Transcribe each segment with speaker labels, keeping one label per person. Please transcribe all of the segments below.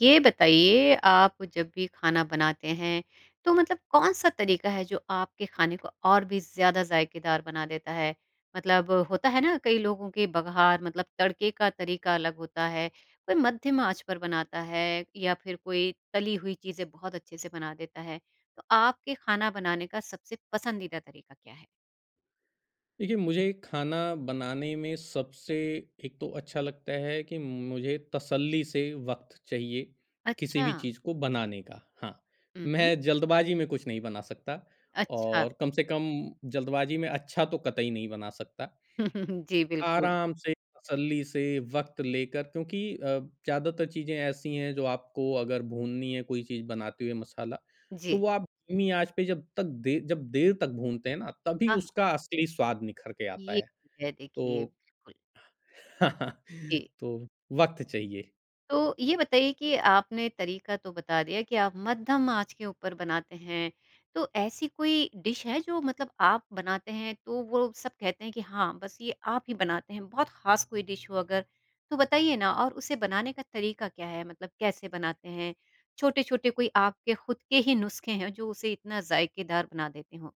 Speaker 1: ये बताइए आप जब भी ख़ाना बनाते हैं तो मतलब कौन-सा तरीक़ा है जो आपके ख़ाने को और भी ज़्यादा ज़ायकेदार बना देता है? मतलब होता है ना कई लोगों के बगार मतलब तड़के का तरीक़ा अलग होता है। कोई मध्यम आँच पर बनाता है या फ़िर कोई तली हुई चीज़ें बहुत अच्छे से बना देता है। तो आपके ख़ाना बनाने का सबसे पसंदीदा तरीक़ा क्या है?
Speaker 2: देखिए मुझे ख़ाना बनाने में सबसे एक तो अच्छा लगता है कि मुझे तसल्ली से वक़्त चाहिए। किसी भी
Speaker 1: अच्छा।
Speaker 2: चीज़ को बनाने का हाँ,
Speaker 1: हुँ, हुँ।
Speaker 2: मैं जल्दबाज़ी में कुछ नहीं बना सकता।
Speaker 1: अच्छा।
Speaker 2: और कम से कम जल्दबाज़ी में अच्छा तो कतई नहीं बना सकता।
Speaker 1: जी, बिल्कुल।
Speaker 2: आराम से, तसल्ली से वक़्त लेकर क्योंकि अ, ज़्यादातर चीज़ें ऐसी हैं जो आपको अगर भूननी है कोई चीज़ बनाते हुए मसाला। तो
Speaker 1: जी।
Speaker 2: वो आप धीमी आँच पे जब तक दे जब देर तक भूनते हैं ना, तभी
Speaker 1: हाँ।
Speaker 2: उसका असली स्वाद निखर के आता
Speaker 1: ये
Speaker 2: है।
Speaker 1: है देखिए।
Speaker 2: तो
Speaker 1: बिल्कुल। जी।
Speaker 2: तो वक़्त चाहिए।
Speaker 1: तो ये बताइए कि आपने तरीक़ा तो बता दिया कि आप मध्यम आँच के ऊपर बनाते हैं। तो ऐसी कोई डिश है जो मतलब आप बनाते हैं तो वो लोग सब कहते हैं कि हाँ बस ये आप ही बनाते हैं बहुत ख़ास कोई डिश हो अगर? तो बताइए ना और उसे बनाने का तरीक़ा क्या है? मतलब कैसे बनाते हैं? छोटे-छोटे कोई आपके ख़ुद के ही नुस्खे हैं, जो उसे इतना ज़ायकेदार बना देते हो।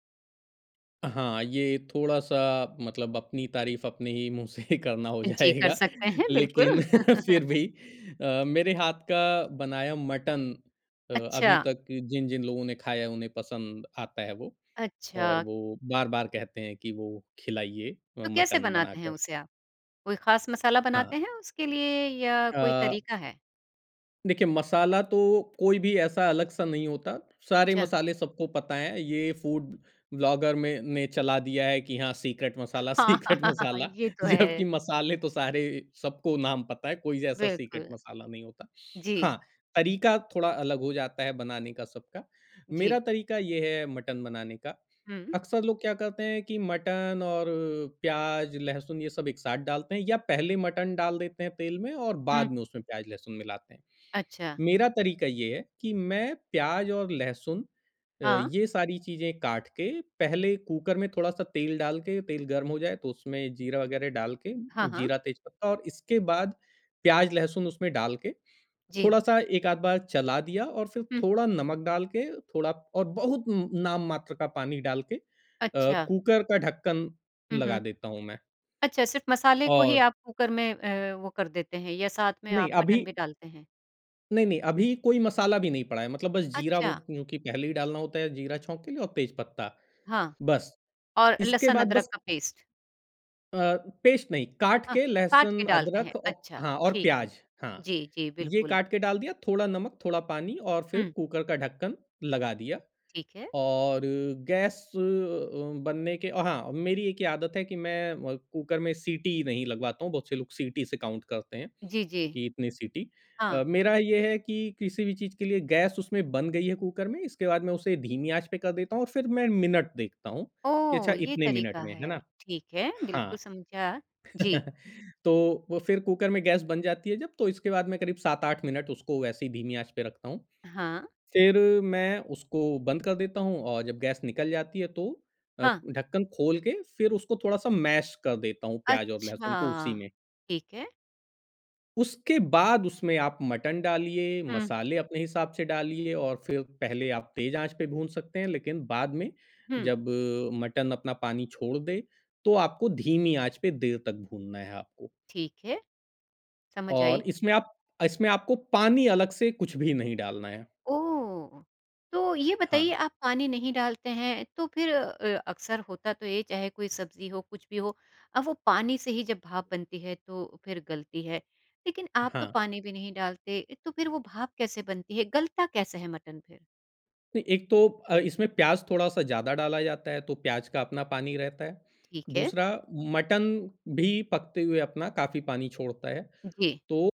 Speaker 2: हाँ, ये थोड़ा-सा मतलब अपनी तारीफ़ अपने ही मुँह से ही करना हो
Speaker 1: जी, कर
Speaker 2: जाएगा।
Speaker 1: सकते हैं,
Speaker 2: लेकिन
Speaker 1: बिल्कुल।
Speaker 2: फिर भी अ, मेरे हाथ का बनाया मटन अ, अभी
Speaker 1: अच्छा।
Speaker 2: तक जिन-जिन लोगों ने खाया है, उन्हें पसंद आता है वो, और
Speaker 1: अच्छा।
Speaker 2: वो बार-बार कहते हैं कि, "वो खिलाइए अ,
Speaker 1: तो कैसे
Speaker 2: मटन
Speaker 1: बनाते हैं
Speaker 2: बनाकर।"
Speaker 1: उसे आप? कोई खास मसाला
Speaker 2: हाँ।
Speaker 1: बनाते हैं उसके लिए या कोई
Speaker 2: अ
Speaker 1: तरीका है?
Speaker 2: देखिए, मसाला तो कोई भी ऐसा अलग-सा नहीं होता। सारे
Speaker 1: अच्छा।
Speaker 2: मसाले सबको पता हैं। ये फ़ूड व्लॉगर में ने चला दिया है कि हाँ, सीक्रेट मसाला,
Speaker 1: हाँ,
Speaker 2: सीक्रेट मसाला,
Speaker 1: ये तो
Speaker 2: जबकि
Speaker 1: है।
Speaker 2: मसाले तो सारे, सबको नाम पता है। कोई ऐसा सीक्रेट
Speaker 1: बिल्कुल।
Speaker 2: मसाला नहीं होता।
Speaker 1: जी।
Speaker 2: हाँ, तरीका थोड़ा अलग हो जाता है बनाने का, सबका।
Speaker 1: जी।
Speaker 2: मेरा तरीका ये है मटन बनाने का।
Speaker 1: हुँ।
Speaker 2: अक्सर लोग क्या करते हैं कि मटन और प्याज़, लहसुन, ये सब एक साथ डालते हैं या पहले ही मटन डाल देते हैं तेल में, और
Speaker 1: हुँ।
Speaker 2: बाद में उसमें प्याज़, लहसुन मिलाते हैं।
Speaker 1: अच्छा।
Speaker 2: मेरा तरीका ये है कि मैं प्याज़ और लहसुन अ,
Speaker 1: हाँ।
Speaker 2: ये सारी चीज़ें काट के, पहले कुकर में थोड़ा-सा तेल डाल के, तेल गर्म हो जाए, तो उसमें जीरा वगैरह डाल के,
Speaker 1: हाँ, हाँ।
Speaker 2: जीरा, तेज पत्ता, और इसके बाद प्याज़, लहसुन उसमें डाल के,
Speaker 1: जी।
Speaker 2: थोड़ा-सा एक-आध बार चला दिया और फिर
Speaker 1: हुँ।
Speaker 2: थोड़ा नमक डाल के, थोड़ा और बहुत उम उम, नाम मात्र का पानी डाल के अ,
Speaker 1: अच्छा।
Speaker 2: कुकर का ढक्कन
Speaker 1: हुँ,
Speaker 2: लगा
Speaker 1: हुँ।
Speaker 2: देता हूँ मैं।
Speaker 1: अच्छा, सिर्फ़ मसाले को ही
Speaker 2: और
Speaker 1: आप कुकर में अ, वो कर देते हैं, या साथ में
Speaker 2: नहीं,
Speaker 1: आप मटन भी
Speaker 2: अभी
Speaker 1: डालते हैं?
Speaker 2: नहीं, नहीं, अभी कोई मसाला भी नहीं पड़ा है। मतलब बस ज़ीरा वो
Speaker 1: अच्छा।
Speaker 2: क्योंकि पहले भी डालना होता है ज़ीरा छोंक के लिए और तेज पत्ता।
Speaker 1: हाँ।
Speaker 2: बस।
Speaker 1: और
Speaker 2: इसके
Speaker 1: लहसुन
Speaker 2: बाद
Speaker 1: अदरक
Speaker 2: बस
Speaker 1: का पेस्ट।
Speaker 2: अ, पेस्ट नहीं काट
Speaker 1: हाँ।
Speaker 2: के
Speaker 1: काट के
Speaker 2: लहसुन
Speaker 1: डालते हैं।
Speaker 2: अदरक औ
Speaker 1: अच्छा,
Speaker 2: हाँ और
Speaker 1: ठीक है।
Speaker 2: प्याज़ हाँ।
Speaker 1: जी, जी,
Speaker 2: ये
Speaker 1: बिल्कुल।
Speaker 2: काट के डाल दिया थोड़ा नमक थोड़ा पानी और फ़िर
Speaker 1: हुँ।
Speaker 2: कुकर का ढक्कन लगा दिया।
Speaker 1: ठीक है।
Speaker 2: और गैस अ, बनने के हाँ, मेरी एक ये आदत है कि मैं अ, कुकर में सीटी नहीं लगवाता हूँ। बहुत से लोग सीटी से काउंट करते हैं
Speaker 1: जी, जी।
Speaker 2: कि इतनी सीटी।
Speaker 1: हाँ।
Speaker 2: अ, मेरा ये है कि किसी भी चीज़ के लिए गैस उसमें बन गई है कुकर में, इसके बाद मैं उसे धीमी आँच पे कर देता हूँ और फ़िर मैं मिनट देखता हूँ कि
Speaker 1: ओह!
Speaker 2: अच्छा
Speaker 1: ये
Speaker 2: इतने मिनट
Speaker 1: तरीक़ा
Speaker 2: में है
Speaker 1: है।
Speaker 2: ना?
Speaker 1: ठीक है, बिल्कुल
Speaker 2: हाँ।
Speaker 1: समझा। जी।
Speaker 2: तो वो फ़िर कुकर में गैस बन जाती है जब तो इसके बाद मैं करीब 7-8 मिनट उसको वैसे ही धीमी आँच पे रखता हूँ।
Speaker 1: हाँ।
Speaker 2: फ़िर मैं उसको बंद कर देता हूँ और जब गैस निकल जाती है तो अ,
Speaker 1: हाँ।
Speaker 2: ढक्कन खोल के फ़िर उसको थोड़ा-सा मैश कर देता हूँ प्याज़ और
Speaker 1: अच्छा।
Speaker 2: लहसुन को उसी में।
Speaker 1: ठीक है।
Speaker 2: उसके बाद उसमें आप मटन डालिए,
Speaker 1: हुँ।
Speaker 2: मसाले अपने हिसाब से डालिए और फ़िर पहले आप तेज़ आँच पे भून सकते हैं। लेक़िन बाद में
Speaker 1: हुँ।
Speaker 2: जब मटन अपना पानी छोड़ दे तो आपको धीमी आँच पे देर तक भूनना है आपको।
Speaker 1: ठीक है। समझ
Speaker 2: और
Speaker 1: आई।
Speaker 2: इसमें आप अ, इसमें आपको पानी अलग से कुछ भी नहीं डालना है।
Speaker 1: ओह! तो ये बताइए
Speaker 2: हाँ।
Speaker 1: आप पानी नहीं डालते हैं तो फ़िर अ अ, अक्सर होता तो ये चाहे कोई सब्ज़ी हो कुछ भी हो अ, वो पानी से ही जब भाप बनती है तो फ़िर गलती है। लेक़िन आप तो
Speaker 2: हाँ।
Speaker 1: पानी भी नहीं डालते तो फ़िर वो भाप कैसे बनती है? गलता कैसा है मटन फ़िर?
Speaker 2: नहीं, एक तो अ, इसमें प्याज़ थोड़ा-सा ज़्यादा डाला जाता है तो प्याज़ का अपना पानी रहता है।
Speaker 1: ठीक है।
Speaker 2: दूसरा उ मटन भी पकते हुए अपना काफ़ी पानी छोड़ता है
Speaker 1: जी।
Speaker 2: तो,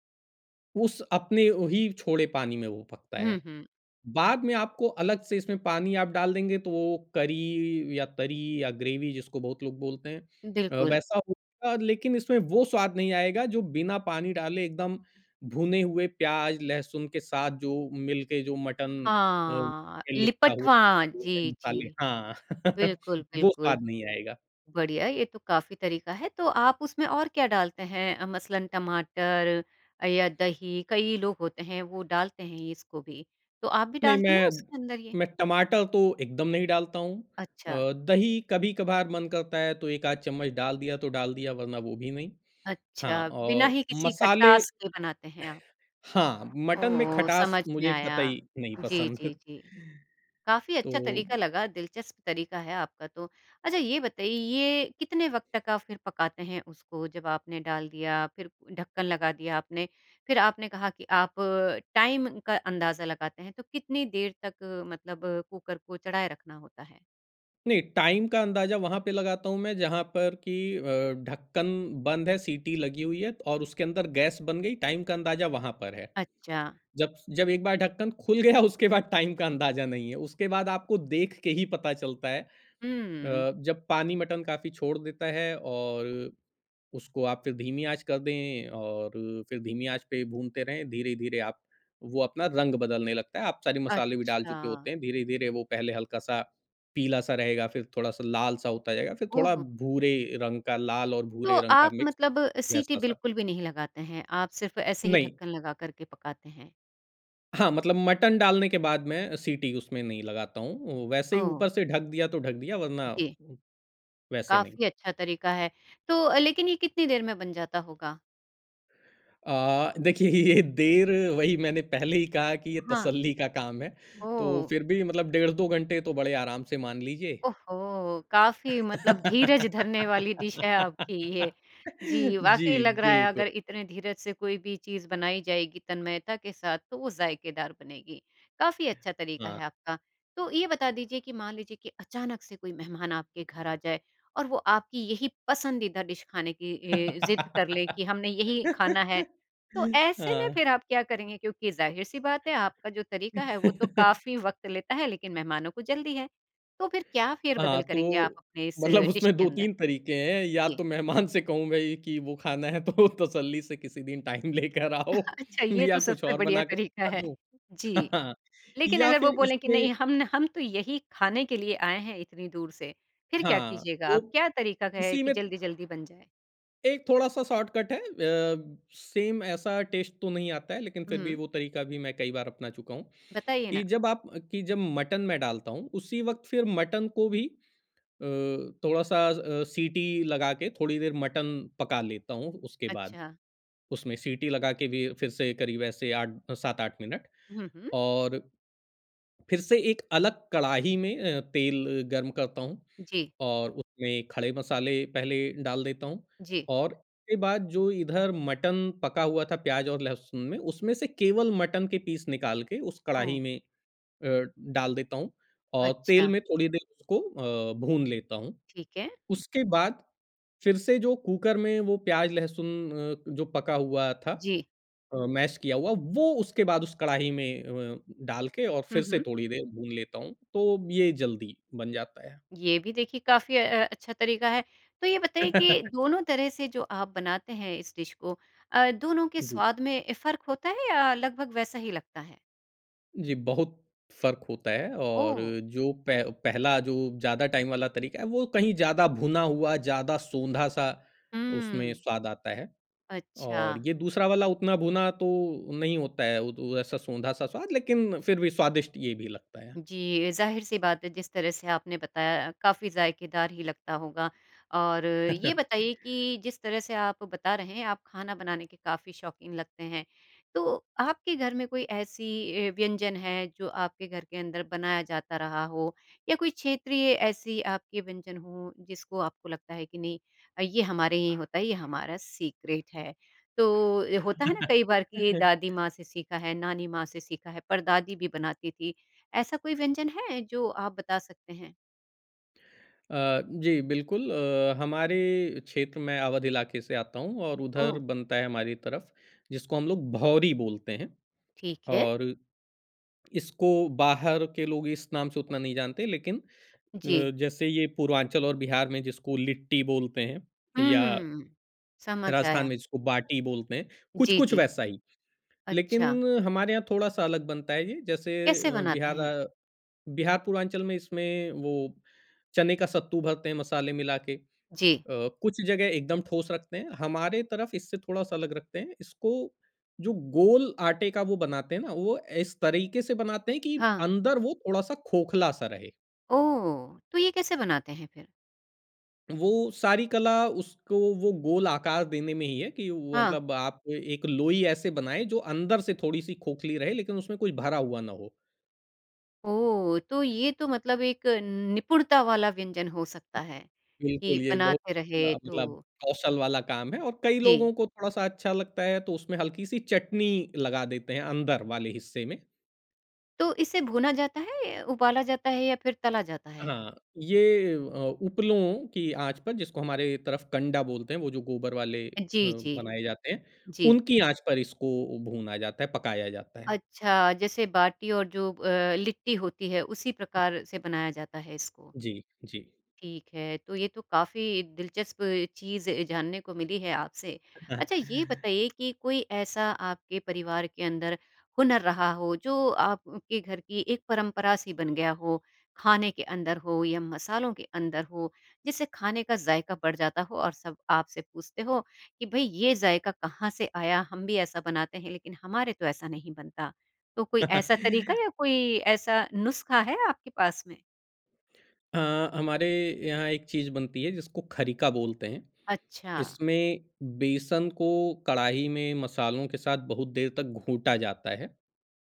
Speaker 2: उस अपने वही छोड़े पानी में वो पकता है।
Speaker 1: हुँ, हुँ।
Speaker 2: बाद में आपको अलग से इसमें पानी आप डाल देंगे तो वो करी या तरी या ग्रेवी जिसको बहुत लोग बोलते हैं। अ,
Speaker 1: बिल्कुल।।
Speaker 2: वैसा होगा लेक़िन इसमें वो स्वाद नहीं आएगा जो बिना पानी डाले एकदम भुने हुए प्याज़, लहसुन के साथ जो मिल के जो मटन अ,
Speaker 1: हाँ,
Speaker 2: में लिपटा हुआ
Speaker 1: लिपटवा
Speaker 2: वो हैं
Speaker 1: जी,
Speaker 2: मसालें
Speaker 1: जी।
Speaker 2: हाँ।
Speaker 1: बिल्कुल,
Speaker 2: वो
Speaker 1: बिल्कुल।
Speaker 2: स्वाद नहीं आएगा।
Speaker 1: बढ़िया ये तो काफ़ी तरीक़ा है तो आप उसमें और क्या डालते हैं? अ, मसलन टमाटर अ, या दही, कई लोग होते हैं वो डालते हैं इसको भी। तो आप भी
Speaker 2: नहीं
Speaker 1: डालते हैं
Speaker 2: मैं,
Speaker 1: उसके अंदर ये?
Speaker 2: मैं टमाटर तो एकदम नहीं डालता हूँ।
Speaker 1: अच्छा।
Speaker 2: अ, दही कभी-कभार मन करता है तो एक-आध चम्मच डाल दिया तो डाल दिया वरना वो भी नहीं। हाँ
Speaker 1: अच्छा, बिना
Speaker 2: और
Speaker 1: ही किसी
Speaker 2: मसाले
Speaker 1: खटास के बनाते हैं आप।
Speaker 2: हाँ, मटन में
Speaker 1: ओह!
Speaker 2: खटास
Speaker 1: समझ में
Speaker 2: मुझे
Speaker 1: आया।
Speaker 2: कतई नहीं
Speaker 1: जी,
Speaker 2: पसंद।
Speaker 1: जी, जी। काफ़ी
Speaker 2: तो
Speaker 1: अच्छा तरीक़ा लगा, दिलचस्प तरीक़ा है आपका तो। अच्छा ये बताइए ये कितने वक़्त तक आप फ़िर पकाते हैं उसको जब आपने डाल दिया, फ़िर ढक्कन लगा दिया आपने फ़िर आपने कहा कि आप टाइम का अंदाज़ा लगाते हैं तो कितनी देर तक मतलब कुकर को चढ़ाया रखना होता है?
Speaker 2: नहीं, टाइम का अंदाज़ा वहाँ पे लगाता हूँ मैं जहाँ पर कि अ, ढक्कन बंद है, सीटी लगी हुई है और उसके अंदर गैस बन गई, टाइम का अंदाज़ा वहाँ पर है।
Speaker 1: अच्छा।
Speaker 2: जब जब एक बार ढक्कन खुल गया, उसके बाद टाइम का अंदाज़ा नहीं है, उसके बाद आपको देख के ही पता चलता है। अ,
Speaker 1: हुँ।
Speaker 2: जब पानी मटन काफ़ी छोड़ देता है, और उसको आप फिर धीमी आँच कर दें और फिर धीमी आँच पे भूनते रहें, धीरे-धीरे आप वो अपना रंग बदलने लगता है, आप सारी मसाले भी डाल चुके
Speaker 1: अच्छा।
Speaker 2: होते हैं। धीरे-धीरे, वो पहले हल्का-सा पीला-सा रहेगा, फिर थोड़ा-सा लाल-सा होता जाएगा, फिर थोड़ा
Speaker 1: ओहो!
Speaker 2: भूरे रंग का, लाल और
Speaker 1: तो,
Speaker 2: भूरे रंग का
Speaker 1: आप
Speaker 2: मिक्स,
Speaker 1: मतलब सीटी
Speaker 2: वैसा-सा।
Speaker 1: बिल्कुल भी नहीं लगाते हैं, आप सिर्फ़ ऐसे ही
Speaker 2: नहीं।
Speaker 1: ढक्कन लगा कर के पकाते हैं।
Speaker 2: हाँ, मतलब मटन डालने के बाद मैं सीटी उसमें नहीं लगाता हूँ, वैसे ही
Speaker 1: ओह।
Speaker 2: ऊपर से ढक दिया तो ढक दिया वरना,
Speaker 1: जी।
Speaker 2: वैसे नहीं।
Speaker 1: काफ़ी अच्छा तरीका है। तो अ, लेकिन ये कितनी देर में बन जाता होगा?
Speaker 2: अ, देखिए, ये देर, वही मैंने पहले ही कहा कि ये
Speaker 1: हाँ।
Speaker 2: तसल्ली का काम है, तो
Speaker 1: ओह!
Speaker 2: फिर भी मतलब डेढ़ 2 घंटे तो बड़े आराम से मान लीजिए।
Speaker 1: ओहो! काफ़ी मतलब धीरज धरने वाली डिश है आपकी ये। जी, वाक़ई
Speaker 2: जी,
Speaker 1: लग रहा है
Speaker 2: बिल्कु
Speaker 1: अगर इतने धीरज से कोई भी चीज़ बनाई जाएगी तन्मयता के साथ, तो वो ज़ायकेदार बनेगी, काफ़ी अच्छा तरीका
Speaker 2: हाँ।
Speaker 1: है आपका। तो ये बता दीजिए कि मान लीजिए कि अचानक से कोई मेहमान आपके घर आ जाए, और वो आपकी यही पसंदीदा डिश खाने की ए ज़िद कर लें कि, "हमने यही खाना है।" तो ऐसे में
Speaker 2: हाँ।
Speaker 1: फिर आप क्या करेंगे? क्योंकि ज़ाहिर-सी बात है आपका जो तरीका है वो तो काफ़ी वक़्त लेता है लेकिन मेहमानों को जल्दी है। तो फिर क्या फेर-बदल
Speaker 2: हाँ,
Speaker 1: करेंगे आप
Speaker 2: तो
Speaker 1: अपने इस
Speaker 2: मतलब
Speaker 1: डिश
Speaker 2: उसमें
Speaker 1: के
Speaker 2: दो
Speaker 1: अंदर?
Speaker 2: तीन तरीके हैं, या
Speaker 1: जी।
Speaker 2: तो मेहमान से कहूँगा ये कि, "वो खाना है, तो तसल्ली से किसी दिन टाइम लेकर आओ,
Speaker 1: अच्छा, ये तो
Speaker 2: या कुछ
Speaker 1: सबसे
Speaker 2: और
Speaker 1: बढ़िया
Speaker 2: बना कर
Speaker 1: तरीका
Speaker 2: [unintelligible]
Speaker 1: है।
Speaker 2: दूँ?"
Speaker 1: जी। लेकिन
Speaker 2: या
Speaker 1: अगर वो
Speaker 2: फिर
Speaker 1: बोलें कि,
Speaker 2: इसमें
Speaker 1: "नहीं, हम न हम तो यही खाने के लिए आए हैं, इतनी दूर से।" फिर क्या
Speaker 2: हाँ,
Speaker 1: कीजिएगा? अब
Speaker 2: वो
Speaker 1: क्या तरीका का है
Speaker 2: इसी
Speaker 1: कि
Speaker 2: में
Speaker 1: जल्दी-जल्दी बन जाए?
Speaker 2: एक थोड़ा-सा शॉर्टकट है अ, सेम ऐसा टेस्ट तो नहीं आता है लेकिन फिर भी
Speaker 1: हुँ।
Speaker 2: वो तरीका भी मैं कई बार अपना चुका हूँ।
Speaker 1: बताइए
Speaker 2: कि
Speaker 1: ना।
Speaker 2: जब आप कि जब मटन मैं डालता हूँ, उसी वक़्त फिर मटन को भी अ, थोड़ा-सा अ, सीटी लगा के थोड़ी देर मटन पका लेता हूँ उसके बाद,
Speaker 1: अच्छा।
Speaker 2: उसमें सीटी लगा के भी फिर से करीब ऐसे 8 7-8 मिनट।
Speaker 1: हुँ, हुँ।
Speaker 2: और फिर से एक अलग कड़ाही में अ, तेल गर्म करता हूँ
Speaker 1: जी।।
Speaker 2: और उसमें खड़े मसाले पहले डाल देता हूँ
Speaker 1: जी।
Speaker 2: और के बाद जो इधर मटन पका हुआ था प्याज़ और लहसुन में, उसमें से केवल मटन के पीस निकाल के उस
Speaker 1: ओह!
Speaker 2: कढ़ाही में अ, डाल देता हूँ औ तेल
Speaker 1: अच्छा।
Speaker 2: में थोड़ी देर उसको अ, भून लेता हूँ।
Speaker 1: ठीक है।
Speaker 2: उसके बाद फिर से जो कुकर में वो प्याज़-लहसुन अ, जो पका हुआ था
Speaker 1: जी।
Speaker 2: अ, मैश किया हुआ, वो उसके बाद उस कड़ाही में अ, डाल के और
Speaker 1: हुँ,
Speaker 2: फिर से
Speaker 1: हुँ।
Speaker 2: थोड़ी देर भून लेता हूँ, तो ये जल्दी बन जाता है।
Speaker 1: ये भी देखिए काफ़ी अ, अच्छा तरीका है। तो ये बताइए कि दोनों तरह से जो आप बनाते हैं इस डिश को अ, दोनों के
Speaker 2: जी।
Speaker 1: स्वाद में फ़र्क होता है या लगभग वैसा ही लगता है?
Speaker 2: जी बहुत। फ़र्क होता है और
Speaker 1: ओह!।
Speaker 2: जो पै पहला जो ज़्यादा टाइम वाला तरीका है, वो कहीं ज़्यादा भुना हुआ, ज़्यादा सोंधा-सा, उसमें
Speaker 1: हुँ।
Speaker 2: स्वाद आता है। और
Speaker 1: अच्छा।
Speaker 2: ये दूसरा वाला उतना भुना तो नहीं होता है, वो तो ऐसा सोंधा-सा स्वाद लेकिन फिर भी स्वादिष्ट ये भी लगता है।
Speaker 1: जी, ज़ाहिर सी बात है जिस तरह से आपने बताया काफ़ी ज़ायकेदार ही लगता होगा और ये बताइए कि जिस तरह से आप बता रहे हैं, आप खाना बनाने के काफ़ी शौक़ीन लगते हैं। तो आपके घर में कोई ऐसी ऐ व्यंजन है जो आपके घर के अंदर बनाया जाता रहा हो, या कोई क्षेत्रीय ऐसी आपके व्यंजन हो जिसको आपको लगता है कि नहीं अ, ये हमारे ही होता है, ये हमारा सीक्रेट है? तो अ, होता है ना, कई बार की दादी माँ से सीखा है, नानी माँ से सीखा है, पर-दादी भी बनाती थी। ऐसा कोई व्यंजन है? जो आप बता सकते हैं?
Speaker 2: अ, जी, बिल्कुल। अ, हमारे क्षेत्र मैं अवध इलाके से आता हूँ और उधर
Speaker 1: ओह!
Speaker 2: बनता है हमारी तरफ, जिसको हम लोग भौरी बोलते हैं।
Speaker 1: ठीक है।
Speaker 2: और इसको बाहर के लोग इस नाम से उतना नहीं जानते, लेकिन अ,
Speaker 1: जी।
Speaker 2: जैसे ये पूर्वांचल और बिहार में जिसको लिट्टी बोलते हैं या
Speaker 1: हुँ। समझ
Speaker 2: राजस्थान
Speaker 1: आया।
Speaker 2: में जिसको बाटी बोलते हैं,
Speaker 1: जी,
Speaker 2: कुछ-कुछ
Speaker 1: जी।
Speaker 2: वैसा ही। लेकिन
Speaker 1: अच्छा।
Speaker 2: हमारे यहाँ थोड़ा-सा अलग बनता है ये, जैसे
Speaker 1: कैसे
Speaker 2: अ,
Speaker 1: बनाते
Speaker 2: बिहार
Speaker 1: हैं?
Speaker 2: अ, बिहार पूर्वांचल में इसमें वो चने का सत्तू भरते हैं मसाले मिला के। अ,
Speaker 1: जी।
Speaker 2: कुछ जगह एकदम ठोस रखते हैं, हमारे तरफ इससे थोड़ा-सा अलग रखते हैं, इसको जो गोल आटे का वो बनाते हैं ना वो इस तरीके से बनाते हैं कि
Speaker 1: हाँ।
Speaker 2: अंदर वो थोड़ा-सा खोखला-सा रहे।
Speaker 1: ओह! तो ये कैसे बनाते हैं फिर?
Speaker 2: वो, सारी कला उसको वो गोल आकार देने में ही है कि वो
Speaker 1: हाँ।
Speaker 2: मतलब आपको एक लोई ऐसे बनाएँ जो अंदर से थोड़ी-सी खोखली रहे लेकिन उसमें कुछ भरा हुआ ना हो।
Speaker 1: ओह! तो ये तो मतलब एक न निपुणता वाला व्यंजन हो सकता है, कि
Speaker 2: बिल्कुल ये बहुत
Speaker 1: बनाते रहे
Speaker 2: अ, मतलब
Speaker 1: तो
Speaker 2: कौशल वाला काम है और कई
Speaker 1: जी।
Speaker 2: लोगों को थोड़ा-सा अच्छा लगता है तो उसमें हल्की-सी चटनी लगा देते हैं अंदर वाले हिस्से में।
Speaker 1: तो इसे भुना जाता है, उबाला जाता है या फिर तला जाता है?
Speaker 2: हाँ। ये अ, उपलों की आँच पर जिसको हमारे तरफ कंडा बोलते हैं वो जो गोबर वाले अ,
Speaker 1: जी, जी।
Speaker 2: बनाए जाते हैं,
Speaker 1: जी।
Speaker 2: उनकी आँच पर इसको भूना जाता है, पकाया जाता है।
Speaker 1: अच्छा जैसे बाटी और जो अ, लिट्टी होती है उसी प्रकार से बनाया जाता है इसको।
Speaker 2: जी, जी।
Speaker 1: ठीक है। तो ये तो काफ़ी दिलचस्प चीज़ अ, जानने को मिली है आपसे। अच्छा ये बताइए कि कोई ऐसा आपके परिवार के अंदर हुनर रहा हो, जो आपके घर की एक परंपरा-सी बन गया हो? खाने के अंदर हो या मसालों के अंदर हो, जिससे खाने का ज़ायका बढ़ जाता हो और सब आपसे पूछते हो, "कि भई ये ज़ायका कहाँ से आया हम भी ऐसा बनाते हैं लेकिन हमारे तो ऐसा नहीं बनता।" तो कोई ऐसा तरीका या कोई ऐसा नुस्खा है आपके पास में?
Speaker 2: अ, हमारे यहाँ एक चीज़ बनती है जिसको खरीका बोलते हैं,
Speaker 1: अच्छा।
Speaker 2: इसमें बेसन को कढ़ाही में मसालों के साथ बहुत देर तक घूँटा जाता है। अ,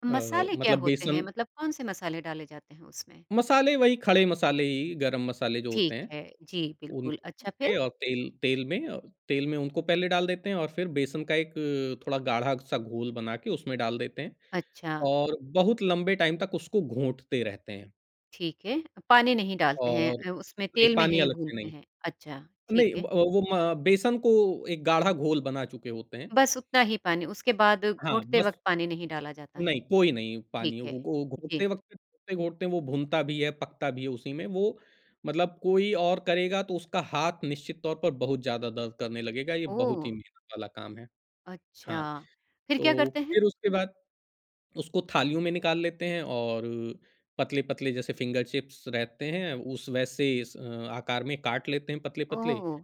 Speaker 1: मसाले क्या
Speaker 2: मतलब
Speaker 1: होते हैं?
Speaker 2: बेसन
Speaker 1: मतलब कौन से मसाले डाले जाते हैं उसमें?
Speaker 2: मसाले वही खड़े मसाले ही, गरम मसाले जो
Speaker 1: ठीक
Speaker 2: होते हैं।
Speaker 1: है, जी बिल्कुल,
Speaker 2: [unintelligible]
Speaker 1: अच्छा फिर?
Speaker 2: और तेल तेल में अ, तेल में उनको पहले डाल देते हैं और फिर बेसन का एक थोड़ा गाढ़ा-सा घोल बना के उसमें डाल देते हैं।
Speaker 1: अच्छा।
Speaker 2: और बहुत लंबे टाइम तक उसको घूँटते रहते हैं।
Speaker 1: ठीक है। पानी नहीं डालते हैं
Speaker 2: और
Speaker 1: अ, उसमें
Speaker 2: नहीं
Speaker 1: तेल में
Speaker 2: पानी
Speaker 1: ही
Speaker 2: अलग से
Speaker 1: भूनते
Speaker 2: नहीं।
Speaker 1: हैं। अच्छा,
Speaker 2: नहीं
Speaker 1: ठीक
Speaker 2: अ,
Speaker 1: है।
Speaker 2: वो म बेसन को एक गाढ़ा घोल बना चुके होते हैं।
Speaker 1: बस उतना ही पानी, उसके बाद
Speaker 2: हाँ,
Speaker 1: घोंटते
Speaker 2: बस
Speaker 1: वक़्त पानी नहीं डाला जाता है।
Speaker 2: नहीं, कोई नहीं
Speaker 1: ठीक
Speaker 2: पानी
Speaker 1: है,
Speaker 2: वो गो घोंटते
Speaker 1: जी।
Speaker 2: वक़्त, घोंटते-घोंटते वो भुनता भी है, पकता भी है उसी में वो मतलब कोई और करेगा तो उसका हाथ निश्चित तौर पर बहुत ज़्यादा दर्द करने लगेगा, ये बहुत ही
Speaker 1: ओह!।
Speaker 2: मेहनत वाला काम है। हाँ।
Speaker 1: अच्छा। फिर क्या
Speaker 2: तो
Speaker 1: करते हैं?
Speaker 2: फिर उसके बाद उसको थालियों में निकाल लेते हैं और अ, पतले-पतले जैसे फ़िंगर चिप्स रहते हैं उस वैसे अस अ, आकार में काट लेते हैं पतले-पतले।
Speaker 1: ओह!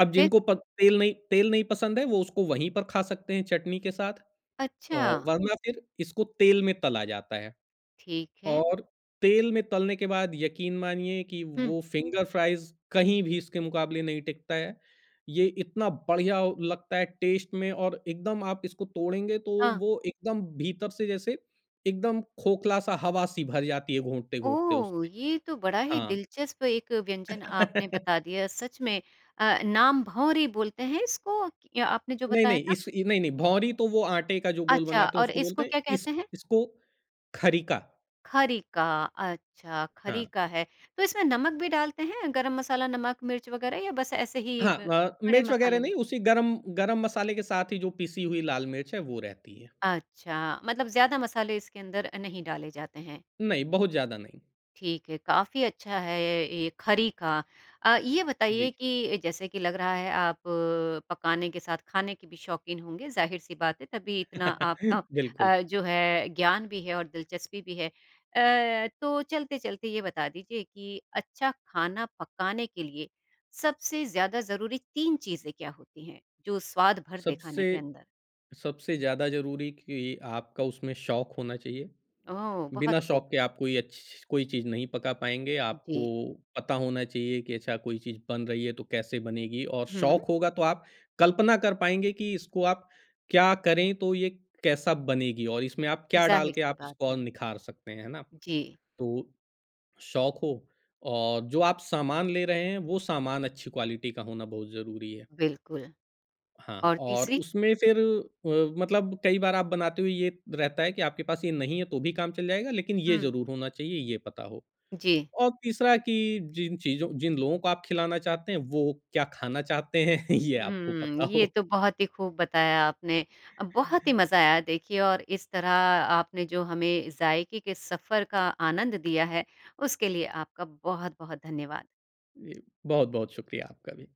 Speaker 2: अब
Speaker 1: फिर?
Speaker 2: जिनको पत तेल नहीं तेल नहीं पसंद है वो उसको वहीं पर खा सकते हैं चटनी के साथ अ,
Speaker 1: अच्छा।
Speaker 2: वरना फिर इसको तेल में तला जाता है।
Speaker 1: ठीक है।
Speaker 2: और तेल में तलने के बाद यकीन मानिए कि
Speaker 1: हुँ।
Speaker 2: वो फ़िंगर फ्राइज़ कहीं भी इसके मुक़ाबले नहीं टिकता है, ये इतना बढ़िया लगता है टेस्ट में और एकदम आप इसको तोड़ेंगे तो
Speaker 1: हाँ।
Speaker 2: वो एकदम भीतर से जैसे एकदम खोखला-सा हवा-सी भर जाती है घूँटते-घूँटते
Speaker 1: ओह!
Speaker 2: उसमें।
Speaker 1: ये तो बड़ा ही
Speaker 2: हाँ।
Speaker 1: दिलचस्प एक व्यंजन आपने बता दिया सच में अ, नाम भँवरी बोलते हैं इसको आपने जो
Speaker 2: नहीं,
Speaker 1: बताया
Speaker 2: नहीं
Speaker 1: था।
Speaker 2: इस इ नहीं, नहीं भँवरी तो वो आटे का जो गोल
Speaker 1: अच्छा
Speaker 2: बनाते हैं
Speaker 1: और
Speaker 2: उसको बोलते
Speaker 1: इसको
Speaker 2: हैं,
Speaker 1: क्या
Speaker 2: इस
Speaker 1: कहते हैं?
Speaker 2: इसको खरीका।
Speaker 1: खरीका, अच्छा,
Speaker 2: हाँ।
Speaker 1: खरीका है। तो इसमें नमक भी डालते हैं, गरम मसाला, नमक, मिर्च वगैरह या बस ऐसे ही
Speaker 2: हाँ
Speaker 1: ब
Speaker 2: अ,
Speaker 1: खड़े
Speaker 2: मिर्च वगैरह
Speaker 1: मसाले में?
Speaker 2: नहीं, उसी गरम गरम मसाले के साथ ही, जो पीसी हुई लाल मिर्च है, वो रहती है।
Speaker 1: अच्छा, मतलब ज़्यादा मसाले इसके अंदर अ, नहीं डाले जाते हैं।
Speaker 2: नहीं, बहुत ज़्यादा नहीं।
Speaker 1: ठीक है, काफ़ी अच्छा है ये खरीका अ, ये बताइए
Speaker 2: जी।
Speaker 1: कि जैसे कि लग रहा है, आप पकाने के साथ खाने के भी शौक़ीन होंगे, ज़ाहिर-सी बात है, तभी इतना आपका
Speaker 2: बिल्कुल।
Speaker 1: अ, जो है, ज्ञान भी है और दिलचस्पी भी है। अ, तो चलते-चलते, ये बता दीजिए कि अच्छा खाना पकाने के लिए, सबसे ज़्यादा ज़रूरी 3 चीज़ें क्या होती हैं, जो स्वाद भरदें खाने
Speaker 2: सबसे
Speaker 1: के अंदर?
Speaker 2: सबसे ज़्यादा ज़रूरी कि आपका उसमें शौक होना चाहिए,
Speaker 1: ओह!
Speaker 2: बिना
Speaker 1: बहुत खूब।
Speaker 2: शौक के आप कोई अच्छी छी कोई चीज़ नहीं पका पाएँगे, आपको
Speaker 1: जी।
Speaker 2: पता होना चाहिए कि अच्छा, कोई चीज़ बन रही है, तो कैसे बनेगी और
Speaker 1: हुँ।
Speaker 2: शौक होगा, तो आप कल्पना कर पाएँगे कि इसको आप क्या करें तो ये कैसा बनेगी और इसमें आप क्या डाल के,
Speaker 1: ज़ाहिर-सी
Speaker 2: आप
Speaker 1: बात
Speaker 2: इसको और
Speaker 1: है।
Speaker 2: निखार सकते हैं, है ना?
Speaker 1: जी।
Speaker 2: तो शौक हो और जो आप सामान ले रहे हैं, वो सामान अच्छी क्वालिटी का होना बहुत ज़रूरी है।
Speaker 1: बिल्कुल।
Speaker 2: हाँ,
Speaker 1: और
Speaker 2: और
Speaker 1: तीसरी?
Speaker 2: उसमें फिर अ, मतलब कई बार आप बनाते हुए ये रहता है कि आपके पास ये नहीं है तो भी काम चल जाएगा लेकिन ये
Speaker 1: हुँ।
Speaker 2: ज़रूर होना चाहिए, ये पता हो।
Speaker 1: जी।
Speaker 2: और तीसरा कि जिन चीज़ों जिन लोगों को आप खिलाना चाहते हैं, वो क्या खाना चाहते हैं, ये आपको
Speaker 1: हुँ,
Speaker 2: पता
Speaker 1: ये
Speaker 2: हो।
Speaker 1: तो बहुत ही खूब बताया आपने। अ, बहुत ही मज़ा आया देखिए और इस तरह आपने जो हमें ज़ायके के सफ़र का आनंद दिया है, उसके लिए आपका बहुत-बहुत धन्यवाद।
Speaker 2: जी, बहुत-बहुत शुक्रिया आपका भी।